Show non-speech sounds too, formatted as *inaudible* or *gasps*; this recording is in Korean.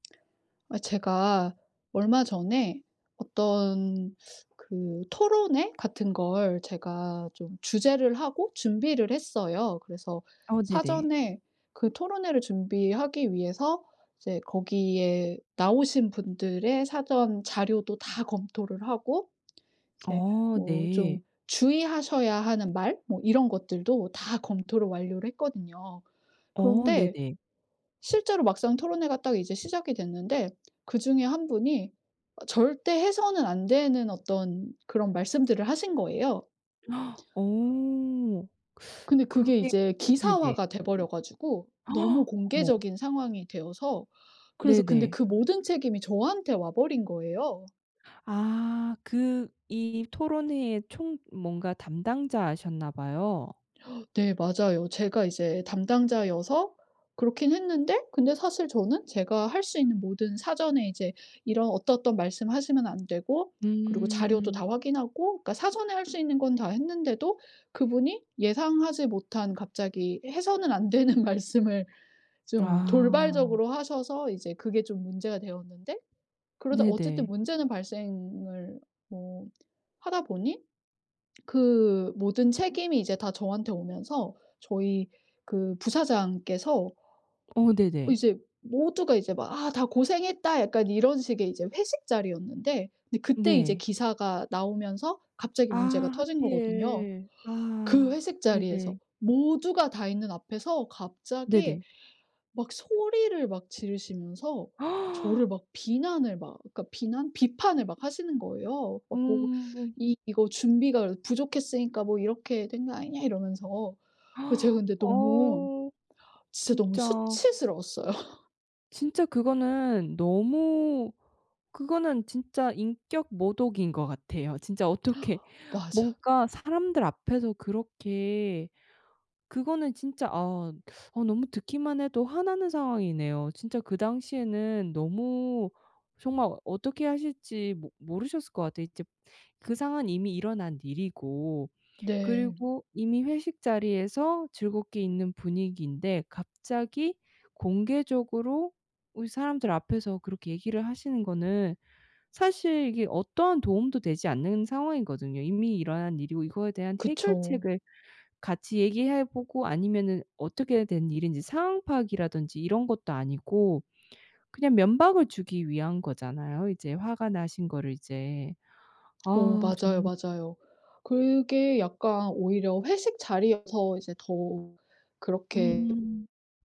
아 제가 얼마 전에 어떤 그 토론회 같은 걸 제가 좀 주재를 하고 준비를 했어요. 그래서 어 네네. 사전에 그 토론회를 준비하기 위해서 이제 거기에 나오신 분들의 사전 자료도 다 검토를 하고 이제 어. 뭐 좀 네. 주의하셔야 하는 말 뭐 이런 것들도 다 검토를 완료를 했거든요. 어 그런데 네네. 실제로 막상 토론회가 딱 이제 시작이 됐는데 그중에 1 분이 절대 해서는 안 되는 어떤 그런 말씀들을 하신 거예요. *gasps* 어. 근데 그게 그게 이제 네네. 기사화가 돼 버려 가지고 너무 *gasps* 어머. 공개적인 상황이 되어서 그래서 근데 네네. 그 모든 책임이 저한테 와 버린 거예요. 아. 그 이 토론회에 총 뭔가 담당자셨나 봐요. 네. 맞아요. 제가 이제 담당자여서 그렇긴 했는데 근데 사실 저는 제가 할 수 있는 모든 사전에 이제 이런 어떠어떤 말씀 하시면 안 되고 그리고 자료도 음. 다 확인하고. 그러니까 사전에 할 수 있는 건 다 했는데도 그분이 예상하지 못한 갑자기 해서는 안 되는 말씀을 좀 아. 돌발적으로 하셔서 이제 그게 좀 문제가 되었는데 그러다 어쨌든 네네. 문제는 발생을 뭐 하다 보니 그 모든 책임이 이제 다 저한테 오면서 저희 그 부사장께서 어 네네. 이제 모두가 이제 막 '아 다 고생했다.' 약간 이런 식의 이제 회식 자리였는데 그때 이제 네. 기사가 나오면서 갑자기 아 문제가 터진 거거든요. 하필. 그 아. 회식 자리에서 네네. 모두가 다 있는 앞에서 갑자기 네네. 막 소리를 막 지르시면서 저를 *gasps* 막 비난을 막 그러니까 비난 비판을 막 하시는 거예요. 막 뭐 음. "이 이거 준비가 이렇게 부족했으니까 뭐 이렇게 된 거 아니냐?" 이러면서 그래서 제가 *gasps* 근데 너무 어 진짜 너무 진짜. 수치스러웠어요. 진짜 그거는 너무 그거는 진짜 인격모독인 것 같아요. 진짜 어떻게 맞아. 뭔가 사람들 앞에서 그렇게 그거는 진짜 아, 아 너무 듣기만 해도 화나는 상황이네요. 진짜 그 당시에는 너무 정말 어떻게 하실지 모 모르셨을 것 같아요. 이제 그 상황은 이미 일어난 일이고 네. 그리고 이미 회식 자리에서 즐겁게 있는 분위기인데 갑자기 공개적으로 으 사람들 앞에서 그렇게 얘기를 하시는 거는 사실 이게 어떠한 도움도 되지 않는 상황이거든요. 이미 일어난 일이고 이거에 대한 그쵸. 해결책을 같이 얘기해 보고 아니면은 어떻게 된 일인지 상황 파악이라든지 이런 것도 아니고 그냥 면박을 주기 위한 거잖아요, 이제 화가 나신 거를 이제. 어 아 맞아요, 정말. 맞아요. 그게 약간 오히려 회식 자리여서 이제 더 그렇게 음.